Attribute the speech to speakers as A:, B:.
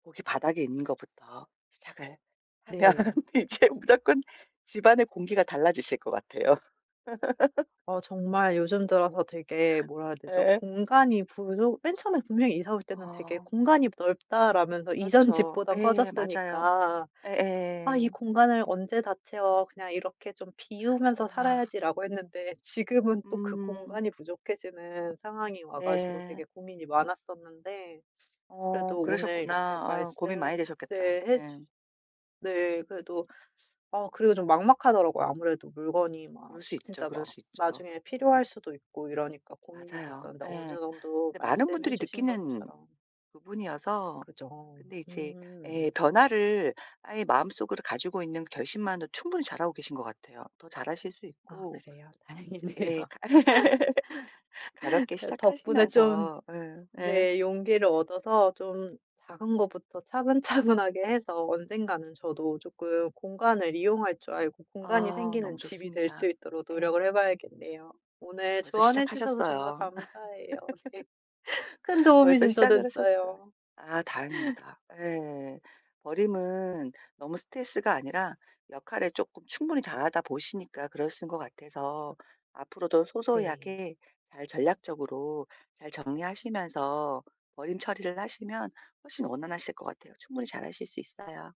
A: 고기 바닥에 있는 것부터 시작을 하면
B: 네.
A: 이제 무조건 집안의 공기가 달라지실 것 같아요.
B: 어 정말 요즘 들어서 되게 뭐라 해야 되죠?
A: 예.
B: 공간이 부족 맨 처음에 분명히 이사 올 때는 되게
A: 아.
B: '공간이 넓다.'라면서 이전
A: 그렇죠.
B: 집보단
A: 예 맞아요.
B: 커졌으니까 '아
A: 예예.
B: 이 공간을 언제 다 채워. 그냥 이렇게 좀 비우면서
A: 아.
B: 살아야지.'라고 했는데 지금은 또 그
A: 음.
B: 공간이 부족해지는 상황이 와 가지고
A: 네.
B: 되게 고민이 많았었는데.
A: 어
B: 그래도 오늘 이렇게
A: 그러셨구나. 아유
B: 말씀
A: 고민 많이 되셨겠다.
B: 네 해 주
A: 예.
B: 네 그래도 쓰 아 그래도 좀 막막하더라고요. 아무래도 물건이 막
A: 그럴 수 있죠,
B: 진짜
A: 그럴
B: 막
A: 수 있죠.
B: 나중에
A: 예.
B: 필요할 수도 있고 이러니까 고민이
A: 맞아요.
B: 됐었는데 어느
A: 예.
B: 정도
A: 근데 많은
B: 말씀해
A: 분들이
B: 주신
A: 느끼는
B: 것처럼
A: 부분이어서
B: 그죠.
A: 근데 이제
B: 음.
A: 예 변화를 아예 마음속으로 가지고 있는 그 결심만으로도 충분히 잘하고 계신 것 같아요. 더 잘하실 수
B: 아
A: 있고
B: 그래요?
A: 이제
B: 다행이네요.
A: 예 가볍게
B: 그래도 덕분에 좀
A: 시작하시면서 예. 예.
B: 네 용기를 얻어서 좀 작은 거부터 차분차분하게 해서 언젠가는 저도 쪼끔 공간을 이용할 줄 알고 공간이
A: 아 너무
B: 생기는 집이 될 수
A: 좋습니다.
B: 있도록
A: 예.
B: 노력을 해 봐야겠네요. 오늘
A: 벌써
B: 조언해 주셔서 정말
A: 시작하셨어요.
B: 감사해요. 네. 큰 도움이
A: 벌써
B: 진짜
A: 시작을 하셨어.
B: 됐어요.
A: 아 다행입니다. 예. 버림은 너무 스트레스가 아니라 역할을 쪼끔 충분히 다 하다 보시니까 그러시는 것 같아서 앞으로도 소소이
B: 네.
A: 하게 잘 전략적으로 잘 정리하시면서 버림 처리를 하시면 훨씬 원활하실 것 같아요. 충분히 잘하실 수 있어요.